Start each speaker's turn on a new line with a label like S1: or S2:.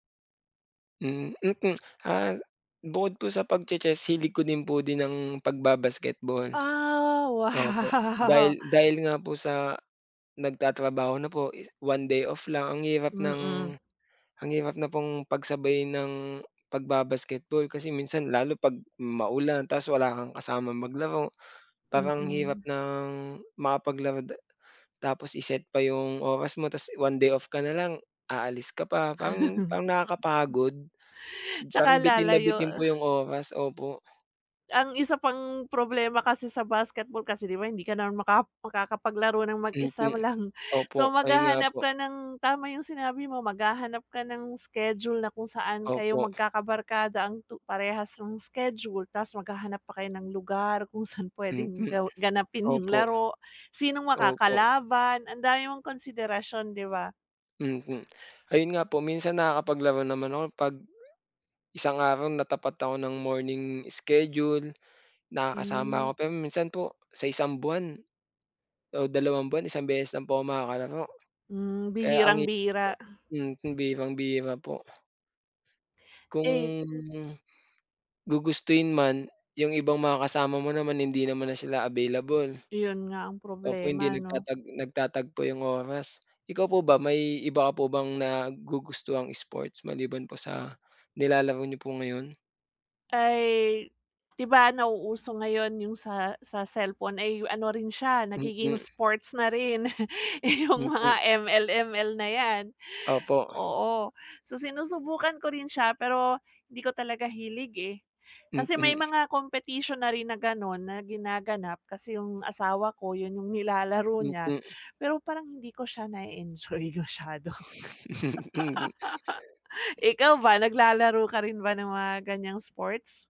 S1: Hmm, mm, ah, bukod po sa pag-che-chess, hilig ko din po din ng pagba-basketball.
S2: Ah,
S1: Oo po.
S2: wow.
S1: Dahil dahil nga po sa, nagtatrabaho na po, i one day off lang, ang hirap ng
S2: Mm.
S1: ang hirap na pong pagsabayin ang pagba-basketball, kasi minsan, lalo 'pag maulan, tapos wala kang kasamang maglaro. Parang hirap
S2: Mm.
S1: ng makapaglaro da tapos i-set pa yung oras mo, tas one day off ka na lang, aalis ka pa, parang parang nakakapagod,
S2: Tsaka,
S1: parang bitin na bitin
S2: lalayo.
S1: po yung oras. Opo.
S2: Ang isa pang problema kasi sa basketball kasi, 'di ba, hindi ka naman maka makakapaglaro ng mag-isa
S1: Mm.
S2: mo lang. So,
S1: Opo, ayun nga
S2: maghahanap
S1: po.
S2: ka ng tama yung sinabi mo, maghahanap ka ng schedule, na kung saan, kayo
S1: Opo.
S2: magkakabarkada ang tu parehas yung schedule, tas maghahanap pa kayo ng lugar kung saan puwedeng
S1: Mm.
S2: ga ganapin yung
S1: Opo,
S2: laro, sinong
S1: opo.
S2: makakalaban. Ang dami mong konsiderasyon, 'di ba?
S1: Mm. Ayun nga po, minsan nakakapaglaro naman ako, 'pag, isang araw, natapat ako ng morning schedule, nakakasama ako,
S2: Hmm.
S1: pero minsan po, sa isang buwan, o dalawang buwan, isang beses lang po makakalaro.
S2: Hmm,
S1: Kaya ang hi
S2: bihirang-bihira.
S1: [unintelligible] mm, bihirang-bihira po.
S2: Eh
S1: Kung, gugustuhin man, yung ibang mga kasama mo naman, hindi naman na sila available.
S2: Iyon nga ang
S1: Opo, hindi
S2: problema, 'no?
S1: nagtatag nagtatagpo yung oras. Ikaw po ba, may iba ka po bang nagugustuhang sports, maliban po sa nilalaro niyo po ngayon?
S2: Ay. 'Di ba nauuso ngayon yung sa sa cellphone, ay yu ano rin siya, nagiging
S1: Mm.
S2: sports na rin. Yung
S1: Mm.
S2: mga ML, ML na yan.
S1: Opo.
S2: Oo, so, sinusubukan ko rin siya pero, hindi ko talaga hilig, eh. Kasi may
S1: Mm.
S2: mga competition na rin na gano'n, na ginaganap, kasi yung asawa ko, 'yon yung nilalaro niya,
S1: Mm.
S2: pero, parang hindi ko siya na-e-enjoy masyado.
S1: Mm.
S2: Ikaw ba, naglalaro ka rin ba ng mga ganyang sports?